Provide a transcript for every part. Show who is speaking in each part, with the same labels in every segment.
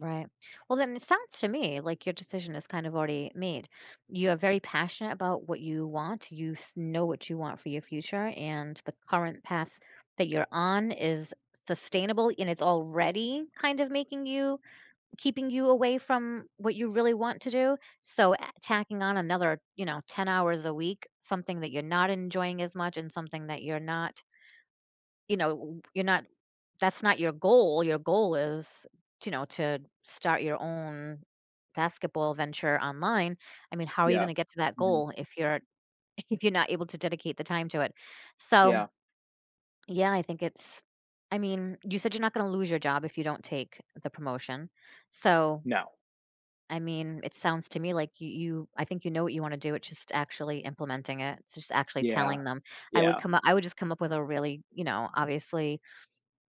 Speaker 1: Right. Well, then it sounds to me like your decision is kind of already made. You are very passionate about what you want, you s know what you want for your future, and the current path that you're on is sustainable, and it's already kind of making you keeping you away from what you really want to do, so, eh, tacking on another, you know, 10 hours a week, something that you're not enjoying as much and something that you're not you know, w you're not that's not your goal. Your goal is, to know, to start your own basketball venture online. I mean, how are you
Speaker 2: Yeah,
Speaker 1: gonna get to that
Speaker 2: mhm.
Speaker 1: goal if you're if if you're not able to dedicate the time to it? So
Speaker 2: Yeah.
Speaker 1: yeah, I think it's I mean, you said you're not gonna lose your job if you don't take the promotion, so
Speaker 2: No.
Speaker 1: I mean, it sounds to me like you you I think you know what you wanna do, it's just actually implementing it, it's just actually
Speaker 2: Yeah.
Speaker 1: telling them. I would
Speaker 2: Yeah.
Speaker 1: come u I would just come up with a really, you know, obviously,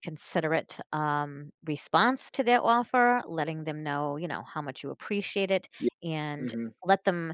Speaker 1: considerate, um, response to their offer, letting them know, you know, how much you appreciate it,
Speaker 2: Yeah,
Speaker 1: and
Speaker 2: mhm.
Speaker 1: let them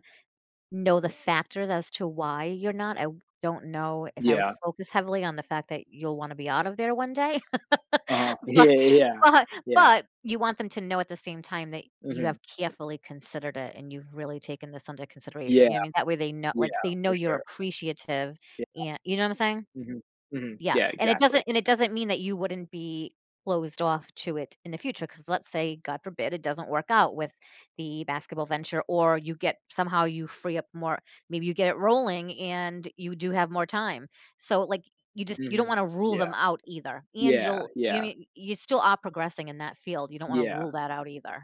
Speaker 1: know the factors as to why you're not I don't know if I would
Speaker 2: Yeah.
Speaker 1: focus heavily on the fact that you'll wanna be out of there one day.
Speaker 2: Uh-huh.
Speaker 1: But
Speaker 2: Yeah, yeah, yeah.
Speaker 1: but
Speaker 2: Yeah.
Speaker 1: but you want them to know at the same time that you have
Speaker 2: Mhm.
Speaker 1: carefully considered it, and you've really taken this under
Speaker 2: Yeah.
Speaker 1: consideration, you know I mean? That way they kno
Speaker 2: Yeah,
Speaker 1: like, they know
Speaker 2: for
Speaker 1: you're
Speaker 2: sure.
Speaker 1: appreciative,
Speaker 2: Yeah.
Speaker 1: a you know what I'm saying?
Speaker 2: Mhm. Mhm.
Speaker 1: Yeah,
Speaker 2: Yeah,
Speaker 1: and it
Speaker 2: exactly.
Speaker 1: doesn't and it doesn't mean that you wouldn't be closed off to it in the future, 'cause let's say, god forbid, it doesn't work out with the basketball venture or you get somehow you free up more Maybe you get it rolling and you do have more time. So like, you just you don't
Speaker 2: Mhm,
Speaker 1: wanna rule
Speaker 2: yeah.
Speaker 1: them out either, and
Speaker 2: Yeah,
Speaker 1: you'll you
Speaker 2: yeah.
Speaker 1: mean you still are progressing in that field, you don't wanna
Speaker 2: Yeah.
Speaker 1: rule that out either.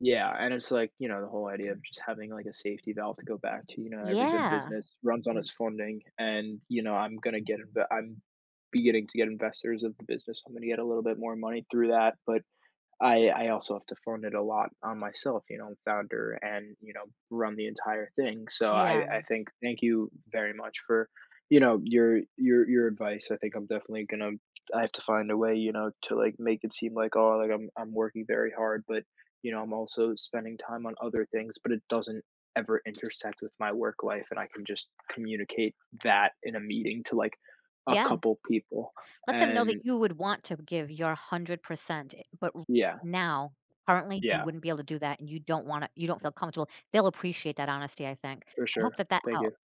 Speaker 2: Yeah, and it's like, you know, the whole idea of just having, like, a safety valve to go back to, you know, every good
Speaker 1: Yeah,
Speaker 2: business runs on its
Speaker 1: ex
Speaker 2: funding and, you know, I'm gonna get it I'm beginning to get investors of the business. I'm gonna get a little bit more money through that, but I I also have to fund it a lot on myself, you know, founder and, you know, run the entire thing, so I
Speaker 1: Yeah,
Speaker 2: I
Speaker 1: mm.
Speaker 2: think thank you very much for, you know, your your your advice. I think I'm definitely gonna I have to find a way, you know, to, like, make it seem like, oh, like, I'm I'm working very hard, but, you know, I'm also spending time on other things, but it doesn't ever intersect with my work life, and I can just communicate that in a meeting to, like, a
Speaker 1: Yeah.
Speaker 2: couple people,
Speaker 1: Let them know that
Speaker 2: and
Speaker 1: you would want to give your 100% eh but r
Speaker 2: Yeah.
Speaker 1: now, currently, you
Speaker 2: Yeah.
Speaker 1: wouldn't be able to do that and you don't wanna you don't feel comfortable. They'll appreciate that honesty, I think.
Speaker 2: For
Speaker 1: I hope
Speaker 2: sure.
Speaker 1: that that
Speaker 2: Thank
Speaker 1: helped.
Speaker 2: you.